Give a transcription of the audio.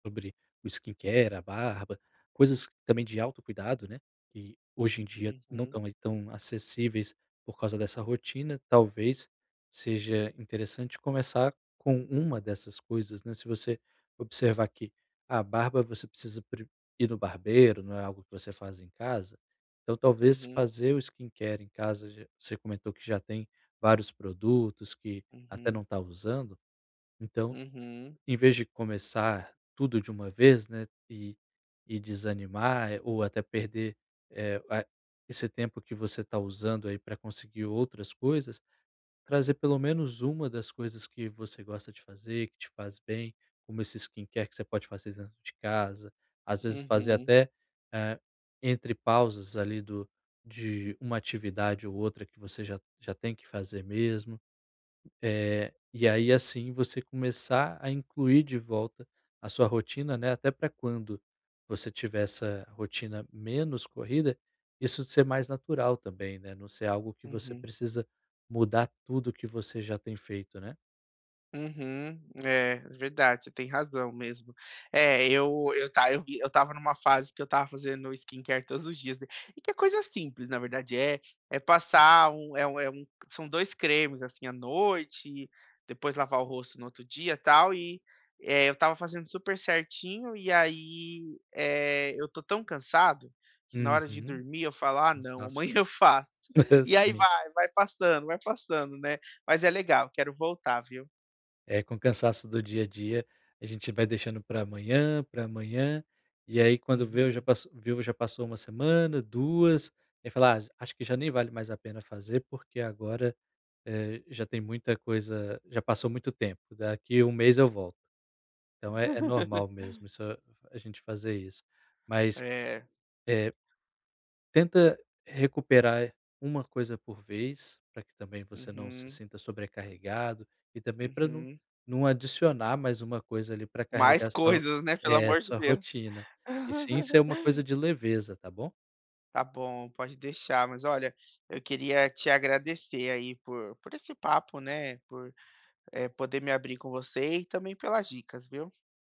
Sobre o skincare, a barba, coisas também de Uhum. autocuidado, né, que hoje em dia não Uhum. estão aí tão acessíveis por causa dessa rotina, talvez seja interessante começar com uma dessas coisas, né, se você observar que a barba você precisa pre ir no barbeiro, não é algo que você faz em casa, então talvez Uhum. fazer o skincare em casa, ge você comentou que já tem vários produtos, que até não Uhum. tá usando, então, Uhum. em vez de começar tudo de uma vez, né, e e desanimar ou até perder, eh, ah esse tempo que você tá usando aí pra conseguir outras coisas, trazer pelo menos uma das coisas que você gosta de fazer, que te faz bem, como esse skincare que você pode fazer dentro de casa, às vezes fazer Uhum. até, eh, entre pausas ali do de uma atividade ou outra que você já já tem que fazer mesmo, eh, e aí assim você começar a incluir de volta a sua rotina, né, até pra quando você tiver essa rotina menos corrida, isso ser mais natural também, né, não ser algo que você Uhum. precisa mudar tudo que você já tem feito, né. Uhum. É, verdade, você tem razão mesmo. É eu eu tá eu vi eu estava numa fase que eu estava fazendo skincare todos os dias be e que é coisa simples na verdade é é passar 1, é 1 é 1 são 2 cremes, assim, à noite, depois lavar o rosto no outro dia tal e, eh, eu estava fazendo super certinho e aí, eh, eu tô tão cansado que na hora de Uhum, dormir eu falo: "Ah não, cansaço, amanhã cara. eu faço." E aí Sim. vai, vai passando vai passando, né. Mas é legal, quero voltar viu? É, com o cansaço do dia-a-dia, a gente vai deixando para amanhã, para amanhã, e aí quando vê já Uhum. passou viu, já passou 1 semana, 2, e fala: "J Acho que já nem vale mais a pena fazer porque agora, eh, já tem muita coisa já passou muito tempo, daqui 1 mês eu volto.". Então é é normal mesmo isso a gente fazer isso, mas, E. eh, tenta recuperar 1 coisa por vez, pra que também você não se Uhum. sinta sobrecarregado, e também para Uhum. não adicionar mais 1 coisa, ali, para Mais carregar sua ro coisas, né, pelo eh, amor de sua Deus. rotina, e sim ser uma coisa de leveza, tá bom? Tá bom, pode deixar, mas olha, eu queria te agradecer aí por por esse papo, né, por, eh, poder me abrir com você e também pelas dicas, viu.